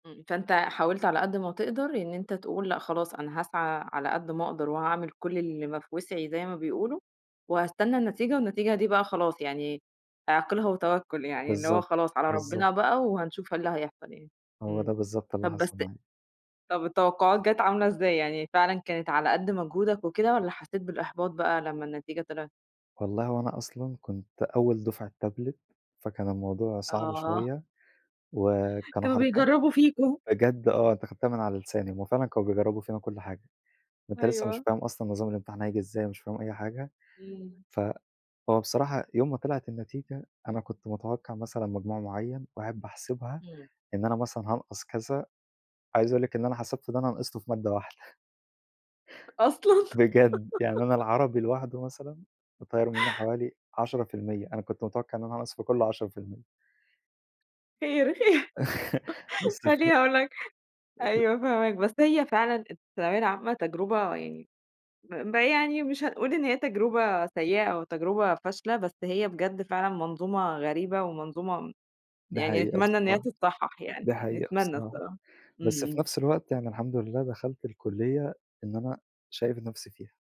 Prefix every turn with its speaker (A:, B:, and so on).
A: امم، فأنت حاولت على قد ما تقدَر إن أنت تقول لأ، خلاص أنا هاسعى على قد ما أقدَر وهاعمل كلّ اللي ما في وِسعي زي ما بيقولوا وهاستنى النتيجة والنتيجة دي بقى خلاص يعني، "اعقِلها وتوكّل" يعني اللي هو
B: بالضبط،
A: خلاص على
B: بالضبط.
A: ربنا بقى وهنشوف إيه اللي هيحصَل يعني.
B: هو
A: امم.
B: ده بالضبط اللي
A: طَب بس
B: حصَل معايا.
A: طَب التوقعات جات عاملة إزاي، يعني فعلًا كانت على قد مجهودك وكده والّا حسّيت بالإحباط بقى لما النتيجة طلعِت؟
B: والله هو أنا أصلًا كنت أول دُفعة tablet فكان الموضوع صعب
A: آه.
B: شوية وكانوا
A: كانوا
B: حرفيًا
A: بيجرّبوا فيكم.
B: بجد آه، أنتِ أخدتيها من على لساني، هو فعلًا كانوا بيجرّبوا فينا كلّ حاجة، أنت لسه مش
A: أيوه.
B: فاهم أصلًا نظام الإمتحان هييجي إزاي، مش فاهم أي حاجة،
A: إمم.
B: فهو بصراحة يوم ما طلعِت النتيجة، أنا كنت متوقِّع مثلًا مجموع معيّن وقاعد باحسبها
A: امم.
B: إن أنا مثلًا هانقَص كذا، عايز أقول لِك إن أنا حسبته اللي أنا نقَصته في مادة واحدة
A: أصلًا
B: بجد، يعني أنا العربي لوحده مثلًا مطيّر منه حوالي 10% أنا كنت متوقِّع إن أنقَص في كله 10%
A: خير، خير.
B: الإستف
A: خلّيني أقول لك
B: [unintelligible]
A: أيوه فاهماك، بس هي فعلًا الثانوية العامة تجرُبة يعني ب ب يعني مش هنقول إن هي تجربة سيّئة أو تجربة فاشلة، بس هي بجد فعلًا منظومة غريبة ومنظومة
B: دي
A: يعني
B: حقيقة
A: نتمنى إن هي
B: بصراحة،
A: تتصحّح يعني،
B: دي حقيقة
A: نتمنى
B: بصراحة.
A: الصّراحة.
B: بس
A: إمم،
B: في
A: إمم.
B: نفس الوقت يعني الحمد لله دخَلت الكليّة إن أنا شايف نفسي فيها.